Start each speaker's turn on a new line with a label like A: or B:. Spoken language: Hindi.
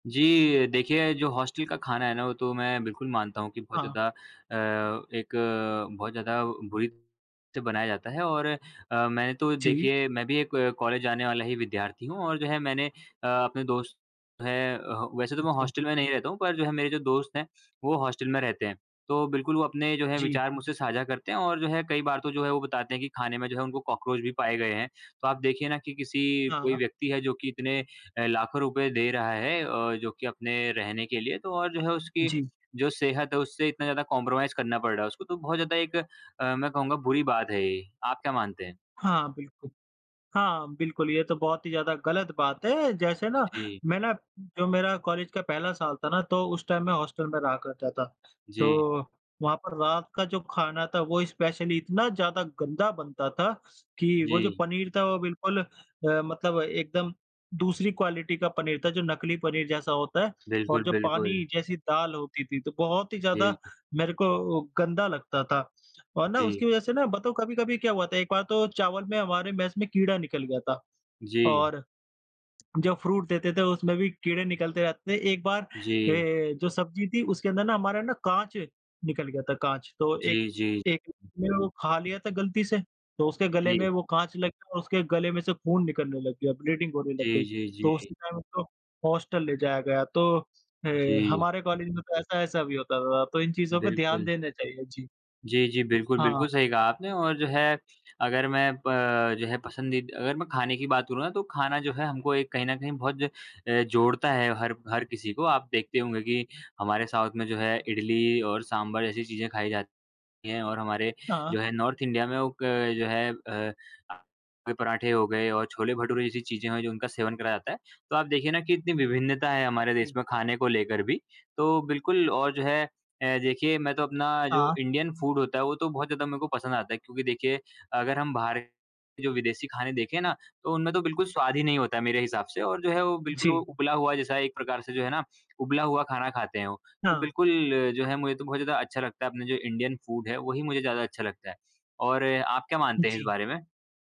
A: जी, देखिए जो हॉस्टल का खाना है ना, वो तो मैं बिल्कुल मानता हूँ कि बहुत
B: हाँ।
A: ज़्यादा अ, एक बहुत ज़्यादा बुरी से बनाया जाता है और अ, मैंने तो
B: जी।
A: देखिए मैं भी एक कॉलेज जाने वाला ही विद्यार्थी हूँ और जो है मैंने अ, अपने दोस्त है अ, वैसे तो मैं
B: अच्छा।
A: हॉस्टल में नहीं रहता हूँ पर जो है मेरे जो दोस्त हैं वो हॉस्टल में रहते हैं। तो बिल्कुल वो अपने जो है
B: जी।
A: विचार मुझसे साझा करते हैं और जो है कई बार तो जो है, वो बताते हैं कि खाने में जो है उनको कॉकरोच भी पाए गए हैं। तो आप देखिए ना कि किसी कोई
B: हाँ।
A: व्यक्ति है जो कि इतने अ, लाखों रुपए दे रहा है ओ, जो कि अपने रहने के लिए तो और जो है उसकी
B: जी।
A: जो सेहत है उससे इतना ज़्यादा कॉन्प्रोमाइज़ करना पड़ रहा है उसको तो बहुत ज़्यादा एक अ, मैं कहूँगा बुरी बात है ये। आप क्या मानते हैं?
B: हाँ, बिल्कुल हाँ, बिल्कुल। ये तो बहुत ही ज़्यादा गलत बात है, जैसे ना,
A: अ, जी।
B: मैं ना, जो मेरा कॉलेज का पहला साल था ना, तो उस टाइम मैं हॉस्टल में रहा करता था,
A: जी।
B: तो वहाँ पर रात का जो खाना था, वो स्पेशली इतना ज़्यादा गंदा बनता था, कि वो जो
A: जी।
B: पनीर था वो बिल्कुल अ, मतलब एकदम दूसरी क्वालिटी का पनीर था, जो नकली पनीर जैसा होता है और
A: बिल्कुल,
B: जो पानी
A: बिल्कुल।
B: जैसी दाल होती थी तो बहुत ही
A: जी।
B: ज़्यादा मेरे को गंदा लगता था। और ना
A: जी।
B: उसकी वज़ह से ना बताओ कभी-कभी क्या हुआ था, एक बार तो चावल में हमारे मेस में कीड़ा निकल गया था
A: जी।
B: और जो फ्रूट देते थे उसमें भी कीड़े निकलते रहते थे। एक बार अ,
A: जी।
B: जो सब्ज़ी थी उसके अंदर ना हमारा ना काँच निकल गया था, काँच तो एक,
A: जी, जी।
B: एक ने वो खा लिया था गलती से तो उसके गले
A: जी।
B: में वो काँच लग गया और उसके गले में से खून निकलने लग गया, ब्लीडिंग होने लग
A: जी,
B: गई,
A: जी,
B: तो
A: जी।
B: उसी टाइम उसको हॉस्टल ले जाया गया। तो अ,
A: जी।
B: हमारे कॉलेज में तो ऐसा-ऐसा भी होता था, तो इन चीज़ों को ध्यान
A: बिल्कुल।
B: देना चाहिए। जी।
A: जी, जी। बिल्कुल,
B: हाँ, हाँ।
A: बिल्कुल सही कहा आपने और जो है, अगर मैं प जो है, पसंदीदा अगर मैं खाने की बात करूँ ना तो खाना जो है हमको एक कहीं न कहीं बहुत अ, जोड़ता है हर हर
B: जी।
A: किसी को। आप देखते होंगे कि हमारे साउथ में जो है इडली और सांभर जैसी चीज़ें खाई जाती हैं और हमारे
B: हाँ।
A: जो है नॉर्थ इंडिया में वो क जो है अ, कोई पराठे हो गए और छोले-भटूरे जैसी चीज़ें हैं जो उनका सेवन कराया जाता है। तो आप देखिए ना कि इतनी विभिन्नता है, हमारे देश
B: जी।
A: में खाने को लेकर भी, तो बिल्कुल और जो है अ, देखिए मैं तो अपना जो
B: हाँ।
A: इंडियन फूड होता है वो तो बहुत ज़्यादा मेरे को पसंद आता है, क्योंकि देखिए अगर हम बाहर जो विदेशी खाने देखें ना, तो उनमें तो बिल्कुल स्वाद ही नहीं होता है, मेरे हिसाब से और जो है वो बिल्कुल
B: जी।
A: उबला हुआ जैसा एक प्रकार से जो है ना उबला हुआ खाना खाते हैं वो। तो
B: हाँ।
A: बिल्कुल जो है, मुझे तो बहुत ज़्यादा अच्छा लगता है अपना जो इंडियन फूड है वही मुझे ज़्यादा अच्छा लगता है। और आप क्या मानते हैं इस
B: जी।
A: बारे में?